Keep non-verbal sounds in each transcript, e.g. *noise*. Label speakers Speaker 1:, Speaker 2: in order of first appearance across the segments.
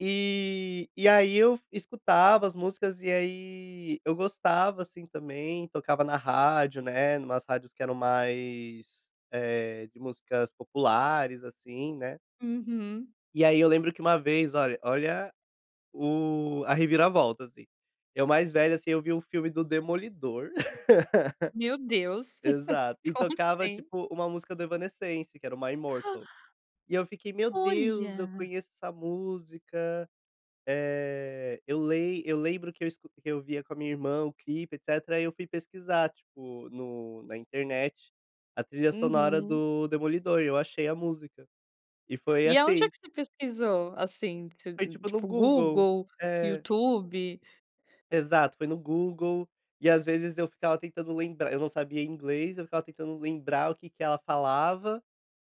Speaker 1: E e aí, eu f escutava as músicas, e aí eu gostava, assim, também, tocava na rádio, né, numas rádios que eram mais, eh, de músicas populares, assim, né.
Speaker 2: Uhum.
Speaker 1: E aí eu lembro que uma vez, olha olha, o a reviravolta, assim. Eu mais velho, assim, eu vi o filme do demolidor.
Speaker 2: Meus
Speaker 1: *laughs*
Speaker 2: Deus!
Speaker 1: Exato,
Speaker 2: *chuckles*
Speaker 1: e
Speaker 2: Como
Speaker 1: tocava,
Speaker 2: assim.
Speaker 1: tipo, uma música do Evanescence, que era o My
Speaker 2: *gasps*
Speaker 1: Mortal. E eu fiquei, "Meu Deus! Eu
Speaker 2: Olha!
Speaker 1: conheço essa música.", eh, eu lem eu lembro que eu escu que eu via com a minha irmã o clipe, etcétera, aí, eu fui pesquisar, tipo, no na internet, a trilha sonora
Speaker 2: Uhum.
Speaker 1: do demolidor, e eu achei a música. E foi
Speaker 2: E aonde é
Speaker 1: assim.
Speaker 2: que você pesquisou, assim, ti
Speaker 1: Foi tipo no
Speaker 2: tipo
Speaker 1: Google.
Speaker 2: Google,
Speaker 1: É.
Speaker 2: YouTube?
Speaker 1: Exato, foi no Google. E, às vezes, eu ficava tentando lembrar, eu não sabia inglês, eu ficava tentando lembrar o que que ela falava,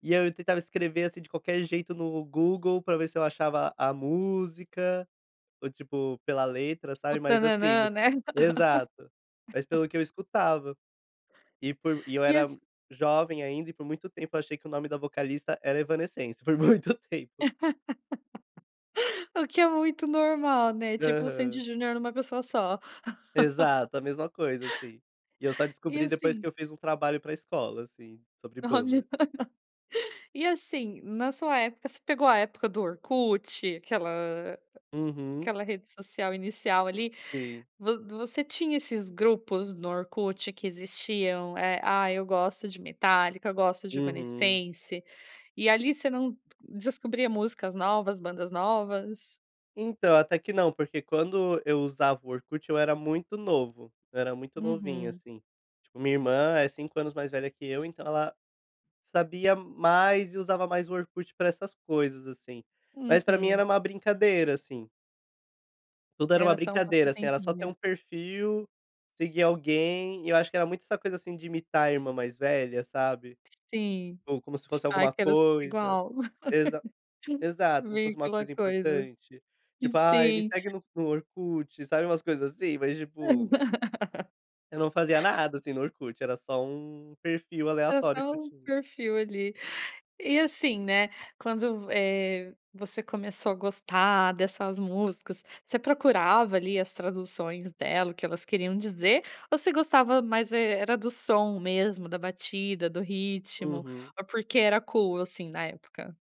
Speaker 1: e aí eu tentava escrever, assim, de qualquer jeito, no Google pra ver se eu achava a música ou, tipo, pela letra,
Speaker 2: O
Speaker 1: sabe, mas, assim,
Speaker 2: tananã,
Speaker 1: no
Speaker 2: né.
Speaker 1: Exato, mais
Speaker 2: *laughs*
Speaker 1: pelo que eu escutava e por e eu
Speaker 2: E
Speaker 1: era
Speaker 2: as
Speaker 1: jovem ainda, e por muito tempo eu achei que o nome da vocalista era Evanescense, por muito tempo.
Speaker 2: *laughs* O que é muito normal, né, tipo o Sandy
Speaker 1: Aham.
Speaker 2: e Júnior, em uma pessoa só. *chuckles*
Speaker 1: Exato, a mesma coisa, assim. E eu só
Speaker 2: E
Speaker 1: descobri depois
Speaker 2: assim
Speaker 1: que eu fiz um trabalho pra escola, assim, sobre
Speaker 2: Olha!
Speaker 1: banda.
Speaker 2: E, assim, na sua época você pegou a época do Orkut, aquela a
Speaker 1: Uhum.
Speaker 2: aquela rede social inicial, ali,
Speaker 1: Sim.
Speaker 2: vo você tinha esses grupos no Orkut, que existiam, eh, "Ah, eu gosto de Metallica, gosto de
Speaker 1: Uhum.
Speaker 2: Evanescence.", e, ali, você não d descobria músicas novas, bandas novas?
Speaker 1: Então, até que não, porque quando eu usava o Orkut, eu era muito novo, eu era muito novinho,
Speaker 2: Uhum.
Speaker 1: assim. Tipo, minha irmã é 5 anos mais velha que eu, então, ela sabia mais e usava mais o Orkut pra essas coisas, assim, mas pra mim
Speaker 2: Uhum.
Speaker 1: era uma brincadeira, assim. Tudo era uma
Speaker 2: Era só um
Speaker 1: brincadeira, assim, era só ter
Speaker 2: passatempinho.
Speaker 1: um perfil, seguir alguém, e eu acho que era muito essa coisa, assim, de imitar a irmã mais velha, sabe,
Speaker 2: Sim,
Speaker 1: ou como se fosse
Speaker 2: tipo, "Ai,
Speaker 1: alguma
Speaker 2: quero ser
Speaker 1: coisa.
Speaker 2: igual.", *laughs*
Speaker 1: Exa exato, como se fosse
Speaker 2: meio que
Speaker 1: uma
Speaker 2: uma
Speaker 1: coisa
Speaker 2: coisa
Speaker 1: importante, tipo "Ai, me
Speaker 2: Sim.
Speaker 1: segue no Orkut.", sabe, umas coisas assim, mas, tipo
Speaker 2: *laughs*
Speaker 1: eu não fazia nada, assim, no Orkut, era só um perfil
Speaker 2: Era
Speaker 1: aleatório
Speaker 2: só
Speaker 1: que eu
Speaker 2: um
Speaker 1: tinha.
Speaker 2: perfil, ali. E assim, né, quando v, eh, você começou a gostar dessas músicas, você procurava, ali, as traduções dela, o que elas queriam dizer, ou você gostava mais e era do som mesmo, da batida, do ritmo,
Speaker 1: Uhum.
Speaker 2: ou porque era cool, assim, na época?